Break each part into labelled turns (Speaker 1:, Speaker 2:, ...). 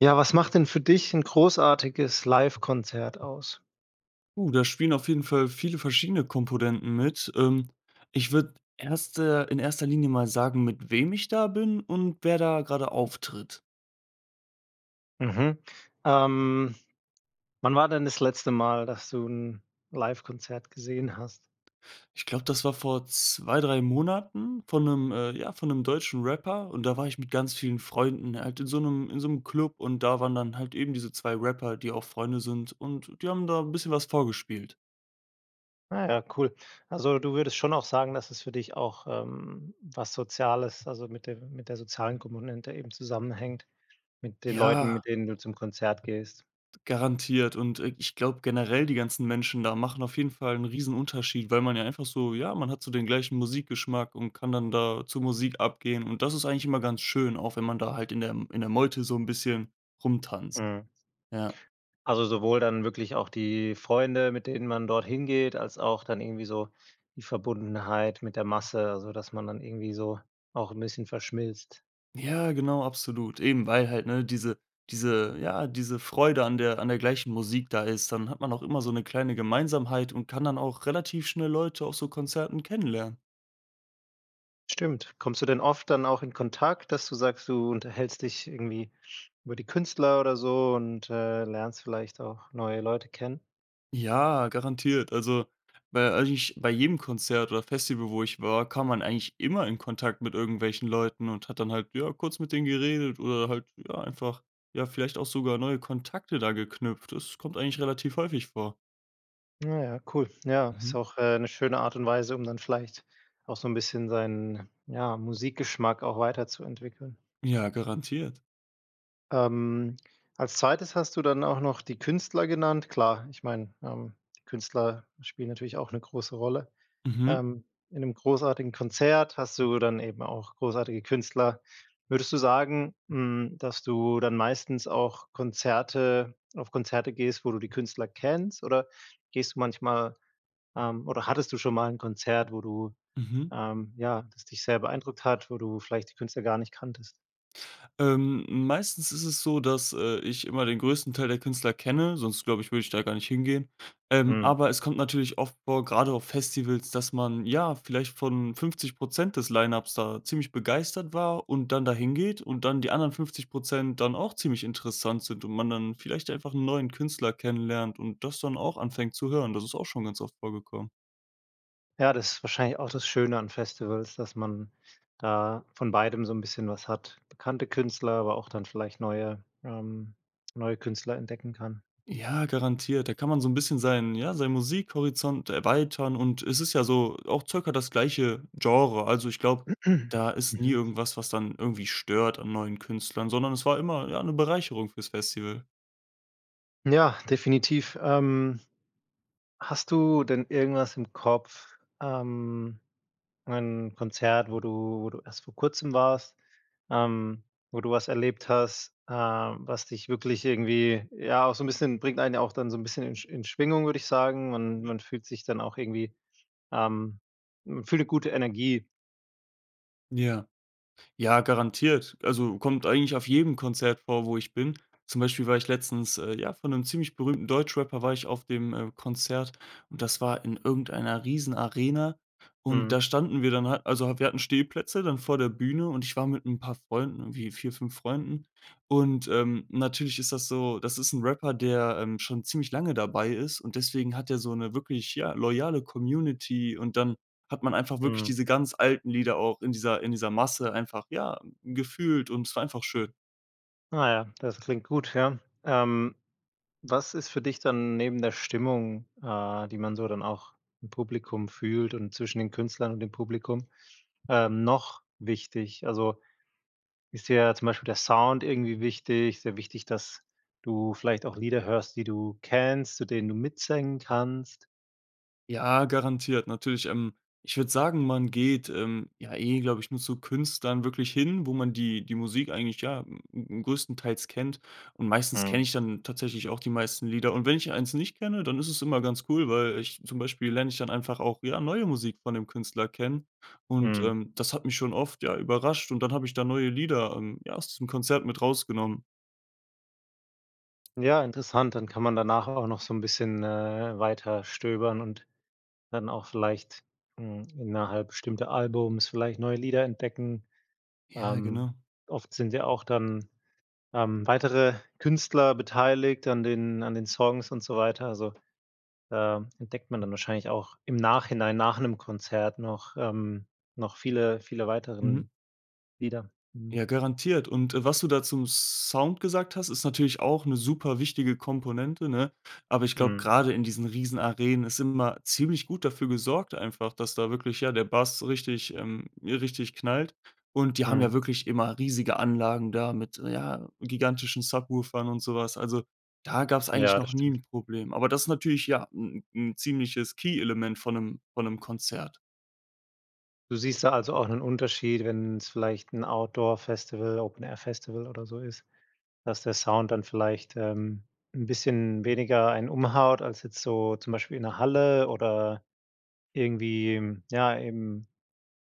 Speaker 1: Ja, was macht denn für dich 'n großartiges Livekonzert aus?
Speaker 2: Puh. Da spielen auf jeden Fall viele verschiedene Komponenten mit. Ähm, ich würde 1. in 1. Linie mal sagen, mit wem ich da bin und wer da gerade auftritt.
Speaker 1: Mhm. Ähm, wann war denn das letzte Mal, dass du 'n Livekonzert gesehen hast?
Speaker 2: Ich glaube, das war vor 2, 3 Monaten von 'nem, äh, ja von 'nem deutschen Rapper und da war ich mit ganz vielen Freunden, er hat in so 'nem in so 'm Club und da waren dann halt eben diese 2 Rapper, die auch Freunde sind und die haben da 'n bisschen was vorgespielt.
Speaker 1: Ah ja, cool. Also, du würdest schon auch sagen, dass es für dich auch, ähm, was Soziales, also, mit dem mit der sozialen Kommune eben zusammenhängt mit den Leuten,
Speaker 2: Ja.
Speaker 1: mit denen du zum Konzert gehst?
Speaker 2: Garantiert. Und, äh, ich glaube generell, die ganzen Menschen da machen auf jeden Fall 'n Riesenunterschied, weil man ja einfach so ja, man hat so den gleichen Musikgeschmack und kann dann da zur Musik abgehen. Und das ist eigentlich immer ganz schön, auch wenn man da halt in der M in der Meute so 'n bisschen rumtanzt.
Speaker 1: Mhm.
Speaker 2: Ja.
Speaker 1: Also, sowohl dann wirklich auch die Freunde, mit denen man dort hingeht, als auch dann irgendwie so die Verbundenheit mit der Masse, also, dass man dann irgendwie so auch 'n bisschen verschmilzt.
Speaker 2: Ja, genau, absolut. Eben weil halt, ne, diese diese ja, diese Freude an der an der gleichen Musik da ist. Dann hat man auch immer so 'ne kleine Gemeinsamkeit und kann dann auch relativ schnell Leute auf so Konzerten kennenlernen.
Speaker 1: Stimmt. Kommst du denn oft dann auch in Kontakt, dass du sagst, du unterhältst dich irgendwie über die Künstler oder so und, äh, lernst vielleicht auch neue Leute kennen?
Speaker 2: Ja, garantiert. Also, bei eigentlich bei jedem Konzert oder Festival, wo ich war, kam man eigentlich immer in Kontakt mit irgendwelchen Leuten und hat dann halt, ja, kurz mit denen geredet oder halt, ja, einfach, ja, vielleicht auch sogar neue Kontakte da geknüpft. Das kommt eigentlich relativ häufig vor.
Speaker 1: Ah, ja, cool. Ja, ist
Speaker 2: Mhm.
Speaker 1: auch, äh, 'ne schöne Art und Weise, um dann vielleicht, auch so 'n bisschen seinen, ja, Musikgeschmack auch weiterzuentwickeln.
Speaker 2: Ja, garantiert.
Speaker 1: Ähm, als 2. hast du dann auch noch die Künstler genannt. Klar, ich meine, ähm, Künstler spielen natürlich auch 'ne große Rolle.
Speaker 2: Mhm.
Speaker 1: Ähm, in 'nem großartigen Konzert hast du dann eben auch großartige Künstler. Würdest du sagen, hm, dass du dann meistens auch Konzerte auf Konzerte gehst, wo du die Künstler kennst oder gehst du manchmal, ähm oder hattest du schon mal 'n Konzert, wo du
Speaker 2: Mhm.
Speaker 1: ähm, ja, das dich sehr beeindruckt hat, wo du vielleicht die Künstler gar nicht kanntest?
Speaker 2: Ähm, meistens ist es so, dass, äh, ich immer den größten Teil der Künstler kenne, sonst glaube ich, würde ich da gar nicht hingehen. Ähm,
Speaker 1: Mhm.
Speaker 2: aber es kommt natürlich oft vor, grade auf Festivals, dass man ja vielleicht von 50 % des Line-ups da ziemlich begeistert war und dann dahingeht und dann die anderen 50 % dann auch ziemlich interessant sind und man dann vielleicht einfach 'n neuen Künstler kennenlernt und das dann auch anfängt zu hören. Das ist auch schon ganz oft vorgekommen.
Speaker 1: Ja, das ist wahrscheinlich auch das Schöne an Festivals, dass man da von beidem so 'n bisschen was hat. Bekannte Künstler, aber auch dann vielleicht neue ähm, neue Künstler entdecken kann.
Speaker 2: Ja, garantiert. Da kann man so 'n bisschen seinen ja, seinen Musikhorizont erweitern und es ist ja so auch circa das gleiche Genre. Also, ich glaube, da ist nie
Speaker 1: Mhm.
Speaker 2: irgendwas, was dann irgendwie stört an neuen Künstlern, sondern es war immer, ja, 'ne Bereicherung fürs Festival.
Speaker 1: Ja, definitiv. Ähm, hast du denn irgendwas im Kopf? Ähm, ein Konzert, wo du wo du erst vor Kurzem warst, ähm, wo du was erlebt hast, äh, was dich wirklich irgendwie, ja, auch so 'n bisschen bringt einen ja auch dann so 'n bisschen in in Schwingung, würde ich sagen und
Speaker 2: Mhm.
Speaker 1: man fühlt sich dann auch irgendwie ähm, man fühlt 'ne gute Energie.
Speaker 2: Ja. Ja, garantiert. Also kommt eigentlich auf jedem Konzert vor, wo ich bin. Zum Beispiel war ich letztens, äh, ja, von 'nem ziemlich berühmten Deutschrapper war ich auf dem äh, Konzert und das war in irgendeiner Riesenarena. Und da
Speaker 1: Mhm.
Speaker 2: standen wir dann halt- also wir hatten Stehplätze- dann vor der Bühne und ich war mit 'n paar Freunden, irgendwie 4, 5 Freunden und ähm, natürlich ist das so, das ist 'n Rapper, der ähm, schon ziemlich lange dabei ist und deswegen hat er so 'ne wirklich, ja, loyale Community und dann hat man einfach wirklich
Speaker 1: Mhm.
Speaker 2: diese ganz alten Lieder auch in dieser in dieser Masse einfach, ja, gefühlt und es war einfach schön.
Speaker 1: Na ja, das klingt gut, ja. Ähm, was ist für dich dann neben der Stimmung, äh, die man so dann auch im Publikum fühlt und zwischen den Künstlern und dem Publikum, ähm, noch wichtig? Also ist dir ja zum Beispiel der Sound irgendwie wichtig, sehr wichtig, dass du vielleicht auch Lieder hörst, die du kennst, zu denen du mitsingen kannst?
Speaker 2: Ja, garantiert, natürlich. Ähm, ich würde sagen, man geht, ähm, ja eh, glaube ich, nur zu Künstlern wirklich hin, wo man die die Musik eigentlich ja größtenteils kennt. Und meistens
Speaker 1: Mhm.
Speaker 2: kenne ich dann tatsächlich auch die meisten Lieder. Und wenn ich 1 nicht kenne, dann ist es immer ganz cool, weil ich zum Beispiel lerne ich dann einfach auch ja neue Musik von 'nem Künstler kennen. Und,
Speaker 1: Mhm.
Speaker 2: ähm, das hat mich schon oft ja überrascht und dann habe ich da neue Lieder, ähm, ja, aus diesem Konzert mit rausgenommen.
Speaker 1: Ja, interessant, dann kann man danach auch noch so 'n bisschen, äh, weiterstöbern und dann auch vielleicht, hm, innerhalb bestimmter Alben vielleicht neue Lieder entdecken.
Speaker 2: Ja,
Speaker 1: Ähm,
Speaker 2: genau.
Speaker 1: oft sind ja auch dann, ähm, weitere Künstler beteiligt an den an den Songs und so weiter. Also, da entdeckt man dann wahrscheinlich auch im Nachhinein nach 'nem Konzert noch ähm, noch viele viele
Speaker 2: Mhm.
Speaker 1: weiteren Lieder. Mhm.
Speaker 2: Ja, garantiert. Und, äh, was du da zum Sound gesagt hast, ist natürlich auch 'ne superwichtige Komponente, ne? Aber ich glaube,
Speaker 1: Mhm.
Speaker 2: grade in diesen Riesenarenen ist immer ziemlich gut dafür gesorgt einfach, dass da wirklich, ja, der Bass richtig ähm, richtig knallt. Und die haben
Speaker 1: Mhm.
Speaker 2: ja wirklich immer riesige Anlagen da mit, ja, gigantischen Subwoofern und so was. Also, da gab's eigentlich
Speaker 1: Ja, das
Speaker 2: noch nie
Speaker 1: stimmt.
Speaker 2: 'n Problem. Aber das natürlich, ja, 'n 'n ziemliches Key-Element von 'nem von 'nem Konzert.
Speaker 1: Du siehst da also, auch 'nen Unterschied, wenn's vielleicht 'n Outdoor-Festival, Open-Air-Festival oder so ist, dass der Sound dann vielleicht, ähm, 'n bisschen weniger einen umhaut als jetzt so zum Beispiel in 'ner Halle oder irgendwie, ja, im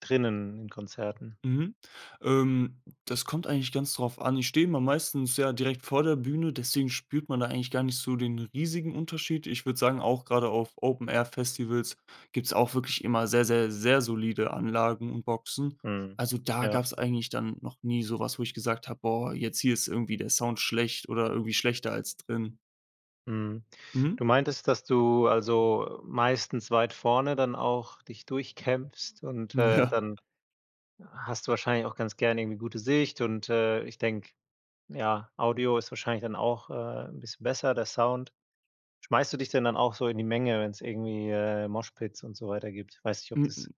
Speaker 1: drinnen in Konzerten.
Speaker 2: Mhm. Ähm, das kommt eigentlich ganz drauf an. Ich stehe meistens, ja, direkt vor der Bühne, deswegen spürt man da eigentlich gar nicht so den riesigen Unterschied. Ich würde sagen, auch grade auf Open Air Festivals, gibt's auch wirklich immer sehr, sehr, sehr solide Anlagen und Boxen.
Speaker 1: Mhm.
Speaker 2: Also, da
Speaker 1: Ja.
Speaker 2: gab's eigentlich dann noch nie so was, wo ich gesagt habe: „Boah, jetzt hier ist irgendwie der Sound schlecht oder irgendwie schlechter als drin“.
Speaker 1: Mhm.
Speaker 2: Mhm.
Speaker 1: Du meintest, dass du, also, meistens weit vorne dann auch dich durchkämpfst und, äh,
Speaker 2: Ja.
Speaker 1: dann hast du wahrscheinlich auch ganz gerne irgendwie gute Sicht, äh, und ich denke, ja, Audio ist wahrscheinlich dann auch, äh, 'n bisschen besser, der Sound. Schmeißt du dich denn dann auch so in die Menge, wenn's irgendwie, äh, Moshpits und so weiter gibt? Weiß nicht, ob
Speaker 2: M
Speaker 1: das,
Speaker 2: m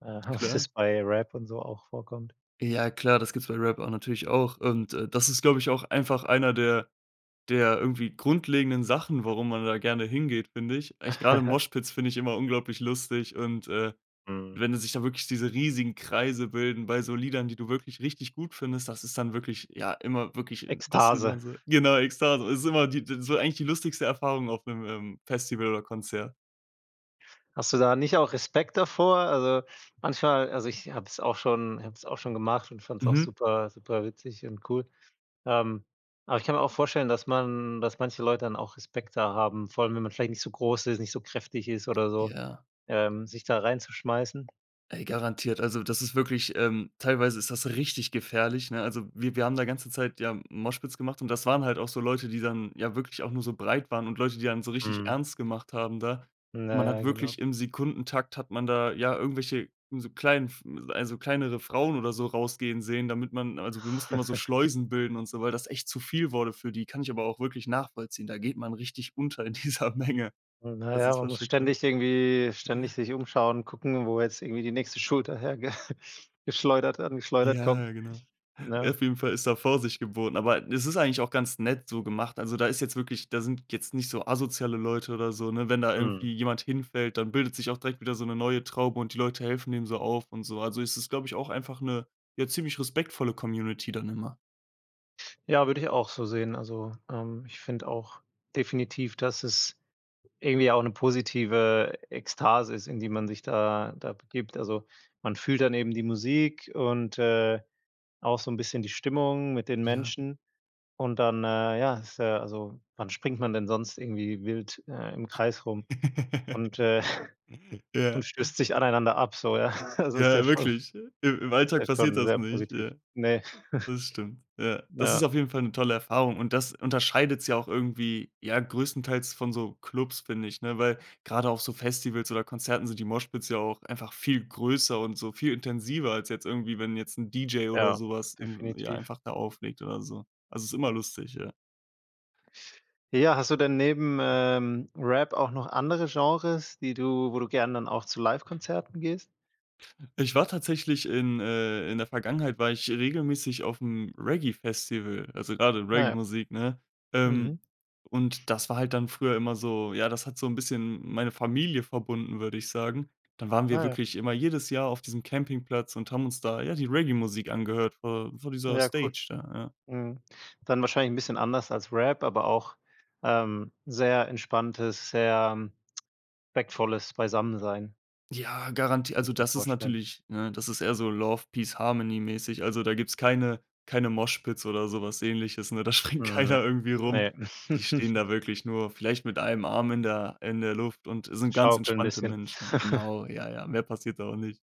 Speaker 1: äh ob's
Speaker 2: Klar.
Speaker 1: das bei Rap und so auch vorkommt?
Speaker 2: Ja klar, das gibt es bei Rap a natürlich auch und, äh, das ist, glaube ich, auch einfach einer der der irgendwie grundlegenden Sachen, warum man da gerne hingeht, finde ich. Eigentlich gerade Moshpits finde ich immer unglaublich lustig und, äh,
Speaker 1: Mhm.
Speaker 2: wenn die sich da wirklich diese riesigen Kreise bilden bei so Liedern, die du wirklich richtig gut findest, das ist dann wirklich, ja, immer wirklich das sieht man
Speaker 1: Ekstase.
Speaker 2: so genau, Ekstase, ist immer die d so eigentlich die lustigste Erfahrung auf 'nem, ähm, Festival oder Konzert.
Speaker 1: Hast du da nicht auch Respekt davor? Also, manchmal also, ich habe es auch schon habe es auch schon gemacht und fand es auch
Speaker 2: Mhm.
Speaker 1: super super witzig und cool, ähm. Aber ich kann mir auch vorstellen, dass man dass manche Leute dann auch Respekt da haben, vor allem, wenn man vielleicht nicht so groß ist, nicht so kräftig ist oder so,
Speaker 2: Ja.
Speaker 1: ähm, sich da reinzuschmeißen?
Speaker 2: Ey, garantiert. Also, das ist wirklich, ähm, teilweise ist das richtig gefährlich, ne? Also, wir wir haben da ganze Zeit ja Moshpits gemacht und das waren halt auch so Leute, die dann ja wirklich auch nur so breit waren und Leute, die dann so richtig
Speaker 1: Mhm.
Speaker 2: ernst gemacht haben da.
Speaker 1: Na
Speaker 2: Man
Speaker 1: ja,
Speaker 2: hat
Speaker 1: genau.
Speaker 2: wirklich im Sekundentakt hat man da ja irgendwelche so klein f also, kleinere Frauen oder so rausgehen sehen, damit man also, wir mussten immer so Schleusen bilden und so, weil das echt zu viel wurde für die. Kann ich aber auch wirklich nachvollziehen. Da geht man richtig unter in dieser Menge.
Speaker 1: Na
Speaker 2: Also,
Speaker 1: ja,
Speaker 2: es
Speaker 1: man
Speaker 2: war
Speaker 1: muss
Speaker 2: schon krass.
Speaker 1: ständig irgendwie
Speaker 2: Ja.
Speaker 1: ständig sich umschauen, gucken, wo jetzt irgendwie die nächste Schulter herge geschleudert angeschleudert kommt,
Speaker 2: Ja, genau.
Speaker 1: ne?
Speaker 2: Auf jeden Fall ist da Vorsicht geboten, aber es ist eigentlich auch ganz nett so gemacht. Also, da ist jetzt wirklich da sind jetzt nicht so asoziale Leute oder so, ne? Wenn da
Speaker 1: Mhm.
Speaker 2: irgendwie jemand hinfällt, dann bildet sich auch direkt wieder so 'ne neue Traube und die Leute helfen dem so auf und so. Also, es ist, glaube ich, auch einfach 'ne, ja, ziemlich respektvolle Community dann immer.
Speaker 1: Ja, würde ich auch so sehen. Also, ähm, ich finde auch definitiv, dass es irgendwie auch 'ne positive Ekstase ist, in die man sich da da begibt. Also, man fühlt dann eben die Musik und, äh, auch so 'n bisschen die Stimmung mit den
Speaker 2: Ja.
Speaker 1: Menschen und dann, äh, ja, ist ja also, wann springt man denn sonst irgendwie wild, äh, im Kreis rum und, äh
Speaker 2: Ja.
Speaker 1: und stößt sich aneinander ab, so, ja? Also ist ja
Speaker 2: Ja,
Speaker 1: schon
Speaker 2: wirklich. Im im
Speaker 1: ist ja
Speaker 2: Alltag passiert
Speaker 1: schon
Speaker 2: das
Speaker 1: sehr
Speaker 2: nicht,
Speaker 1: positiv,
Speaker 2: ja.
Speaker 1: ne?
Speaker 2: Das stimmt. Ja. Das ist
Speaker 1: Ja.
Speaker 2: auf jeden Fall 'ne tolle Erfahrung und das unterscheidet's ja auch irgendwie, ja, größtenteils von so Clubs, finde ich, ne, weil grade auf so Festivals oder Konzerten sind die Moshpits ja auch einfach viel größer und so viel intensiver als jetzt irgendwie, wenn jetzt 'n DJ oder
Speaker 1: Ja,
Speaker 2: sowas in ja,
Speaker 1: definitiv.
Speaker 2: einfach da auflegt oder so. Also, ist immer lustig, ja.
Speaker 1: Ja, hast du denn neben, ähm, Rap auch noch andere Genres, die du wo du gerne dann auch zu Livekonzerten gehst?
Speaker 2: Ich war tatsächlich in, äh in der Vergangenheit war ich regelmäßig aufm Reggae Festival, also, grade
Speaker 1: Ah ja.
Speaker 2: Reggae-Musik, ne?
Speaker 1: Mhm.
Speaker 2: Ähm, und das war halt dann früher immer so ja, das hat so 'n bisschen meine Familie verbunden, würde ich sagen. Dann waren wir
Speaker 1: Ah ja.
Speaker 2: wirklich immer jedes Jahr auf diesem Campingplatz und haben uns da, ja, die Reggae-Musik angehört vor vor dieser
Speaker 1: Ja, cool.
Speaker 2: Stage da, ja.
Speaker 1: Mhm. Dann wahrscheinlich 'n bisschen anders als Rap, aber auch, ähm, sehr entspanntes, sehr respektvolles Beisammensein.
Speaker 2: Ja garanti
Speaker 1: Kann
Speaker 2: also,
Speaker 1: ich mir
Speaker 2: das ist
Speaker 1: vorstellen.
Speaker 2: natürlich, ne, das ist eher so Love Peace Harmony mäßig. Also, da gibt's keine keine Moshpits oder so was Ähnliches, ne? Da springt
Speaker 1: Mhm, ne,
Speaker 2: keiner irgendwie rum.
Speaker 1: ne.
Speaker 2: Die stehen da wirklich nur vielleicht mit einem Arm in der in der Luft und sind ganz
Speaker 1: Schaukeln 'n
Speaker 2: entspannte
Speaker 1: bisschen.
Speaker 2: Menschen. Genau, ja, ja. Mehr passiert da auch nicht.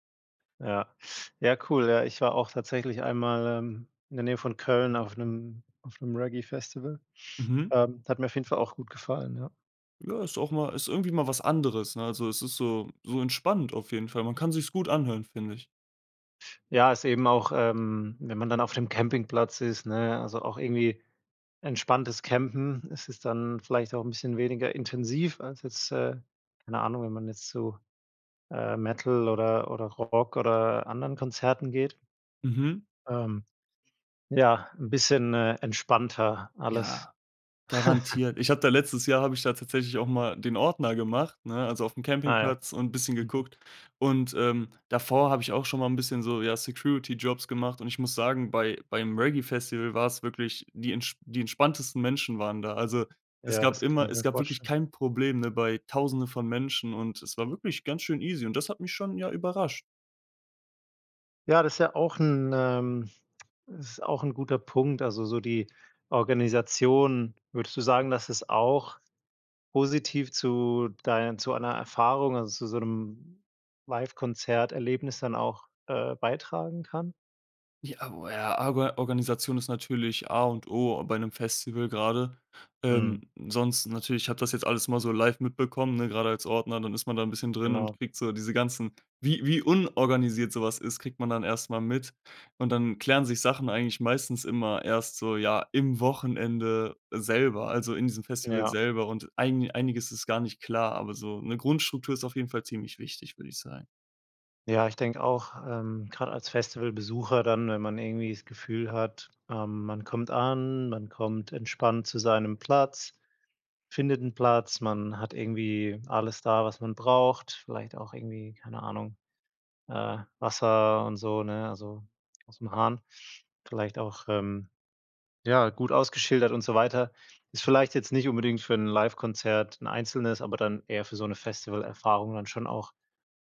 Speaker 1: Ja. Ja, cool, ja. Ich war auch tatsächlich einmal, ähm, in der Nähe von Köln auf 'nem auf 'nem Reggae-Festival.
Speaker 2: Mhm.
Speaker 1: Ähm, hat mir auf jeden Fall auch gut gefallen, ja.
Speaker 2: Ja, ist auch mal ist irgendwie mal was anderes, ne? Also, es ist so so entspannend auf jeden Fall. Man kann sich's gut anhören, finde ich.
Speaker 1: Ja, ist eben auch, ähm, wenn man dann auf dem Campingplatz ist, ne, also, auch irgendwie entspanntes Campen, es ist dann vielleicht auch 'n bisschen weniger intensiv als jetzt, äh, keine Ahnung, wenn man jetzt zu, äh, Metal oder oder Rock oder anderen Konzerten geht.
Speaker 2: Mhm.
Speaker 1: Ähm. Ja, 'n bisschen, äh, entspannter alles.
Speaker 2: Ja, garantiert. Ich habe da letztes Jahr habe ich da tatsächlich auch mal den Ordner gemacht, ne, also, aufm
Speaker 1: Ah ja.
Speaker 2: Campingplatz und bisschen
Speaker 1: Mhm.
Speaker 2: geguckt. Und, ähm, davor habe ich auch schon mal 'n bisschen so, ja, Security-Jobs gemacht und ich muss sagen bei beim Reggae Festival war es wirklich die entsp die entspanntesten Menschen waren da. Also, es
Speaker 1: Ja,
Speaker 2: gab
Speaker 1: das kann
Speaker 2: immer
Speaker 1: ich
Speaker 2: es
Speaker 1: mir
Speaker 2: gab wirklich
Speaker 1: vorstellen.
Speaker 2: kein Problem, ne, bei 1000en von Menschen und es war wirklich ganz schön easy und das hat mich schon, ja, überrascht.
Speaker 1: Ja, das ja auch 'n, ähm es ist auch 'n guter Punkt. Also, so die Organisation, würdest du sagen, dass es auch positiv zu dein zu einer Erfahrung, also, zu so' nem Livekonzert-Erlebnis dann auch, äh, beitragen kann?
Speaker 2: I ah, o a Arga Organisation ist natürlich A und O bei 'nem Festival grade.
Speaker 1: Mhm.
Speaker 2: Ähm, sonst natürlich, ich habe das jetzt alles mal so live mitbekommen, ne, gerade als Ordner, dann ist man da 'n bisschen drin und
Speaker 1: Genau.
Speaker 2: kriegt so diese ganzen wie wie unorganisiert sowas ist, kriegt man dann erst mal mit und dann klären sich Sachen eigentlich meistens immer erst so, ja, im Wochenende selber, also, in diesem Festival
Speaker 1: Ja.
Speaker 2: selber. Und eini einiges ist gar nicht klar, aber so 'ne Grundstruktur ist auf jeden Fall ziemlich wichtig, würde ich sagen.
Speaker 1: Ja, ich denke auch, ähm, grade als Festivalbesucher dann, wenn man irgendwie das Gefühl hat, ähm, man kommt an, man kommt entspannt zu seinem Platz, findet 'n Platz, man hat irgendwie alles da, was man braucht, vielleicht auch irgendwie, keine Ahnung, äh, Wasser und so, ne, also, ausm Hahn, vielleicht auch, ähm, ja, gut ausgeschildert und so weiter. Ist vielleicht jetzt nicht unbedingt für 'n Livekonzert, 'n einzelnes, aber dann eher für so 'ne Festivalerfahrung dann schon auch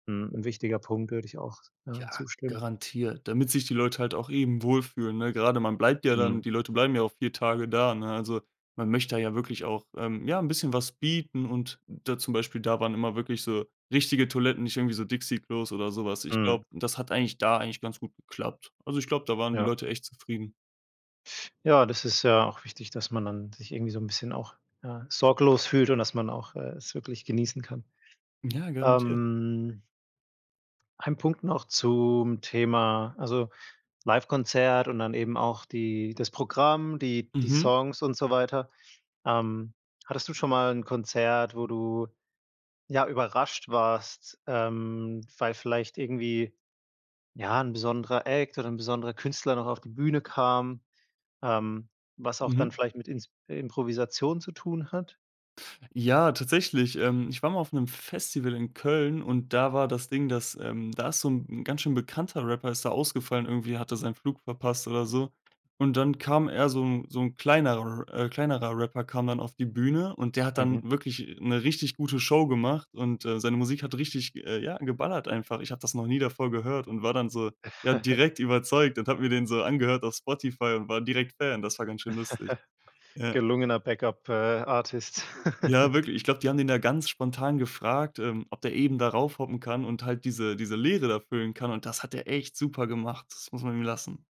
Speaker 1: 'n 'n wichtiger Punkt, würde ich auch, ja,
Speaker 2: Ja,
Speaker 1: zustimmen.
Speaker 2: garantiert, damit sich die Leute halt auch eben wohlfühlen, ne? Gerade man bleibt ja dann
Speaker 1: Mhm.
Speaker 2: die Leute bleiben ja auch 4 Tage da, ne? Also, man möchte da ja wirklich auch, ähm, ja 'n bisschen was bieten und da zum Beispiel, da waren immer wirklich so richtige Toiletten, nicht irgendwie so Dixie-Klos oder so was. Ich
Speaker 1: Mhm.
Speaker 2: glaube, das hat eigentlich da eigentlich ganz gut geklappt. Also, ich glaube, da waren die
Speaker 1: Ja.
Speaker 2: Leute echt zufrieden.
Speaker 1: Ja, das ist ja auch wichtig, dass man dann sich irgendwie so 'n bisschen auch, ja, sorglos fühlt und, dass man auch, äh, es wirklich genießen kann.
Speaker 2: Ja, garantiert.
Speaker 1: Ähm ein Punkt noch zum Thema, also, Livekonzert und dann eben auch die das Programm, die die
Speaker 2: Mhm.
Speaker 1: Songs und so weiter. Ähm, hattest du schon mal 'n Konzert, wo du, ja, überrascht warst, ähm, weil vielleicht irgendwie, ja, 'n besonderer Act oder 'n besonderer Künstler noch auf die Bühne kam, ähm, was auch dann
Speaker 2: Mhm.
Speaker 1: vielleicht mit Ins Improvisation zu tun hat?
Speaker 2: Ja, tatsächlich, ähm, ich war mal auf 'nem Festival in Köln und da war das Ding, dass, ähm da ist so 'n 'n ganz schön bekannter Rapper, ist da ausgefallen, irgendwie hat er seinen Flug verpasst oder so. Und dann kam eher so 'n so 'n kleinerer R kleinerer Rapper kam dann auf die Bühne und der hat
Speaker 1: Mhm.
Speaker 2: dann wirklich 'ne richtig gute Show gemacht und, äh, seine Musik hat richtig, äh, ja, geballert einfach. Ich habe das noch nie davor gehört und war dann so, ja, direkt überzeugt und habe mir den so angehört auf Spotify und war direkt Fan. Das war ganz schön lustig, ja.
Speaker 1: Gelungener Back-Up äh, Artist.
Speaker 2: Ja, wirklich, ich glaube, die haben den da ganz spontan gefragt, ähm, ob der eben da raufhoppen kann und halt diese diese Leere da füllen kann und das hat er echt super gemacht. Das muss man ihm lassen.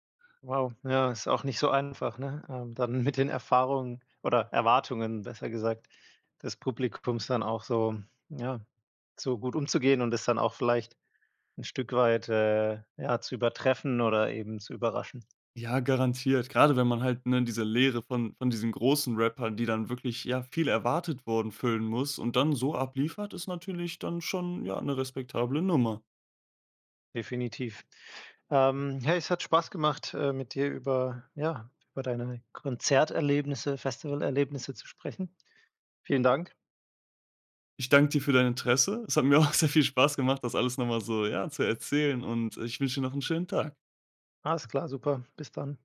Speaker 1: Wow, ja, ist auch nicht so einfach, ne? Ähm, dann mit den Erfahrungen, oder Erwartungen besser gesagt, des Publikums dann auch so ja, so gut umzugehen und es dann auch vielleicht 'n Stück weit, äh, ja, zu übertreffen oder eben zu überraschen.
Speaker 2: Ja, garantiert, grade wenn man halt, ne, diese Leere von von diesen großen Rappern, die dann wirklich, ja, viel erwartet wurden füllen muss und dann so abliefert, ist natürlich dann schon, ja, 'ne respektable Nummer.
Speaker 1: Definitiv. Ähm, hey, es hat Spaß gemacht, äh, mit dir über ja, über deine Konzerterlebnisse, Festivalerlebnisse zu sprechen. Vielen Dank.
Speaker 2: Ich danke dir für dein Interesse. Es hat mir auch sehr viel Spaß gemacht, das alles noch mal so, ja, zu erzählen und, äh, ich wünsche dir noch 'n schönen Tag.
Speaker 1: Alles klar, super. Bis dann.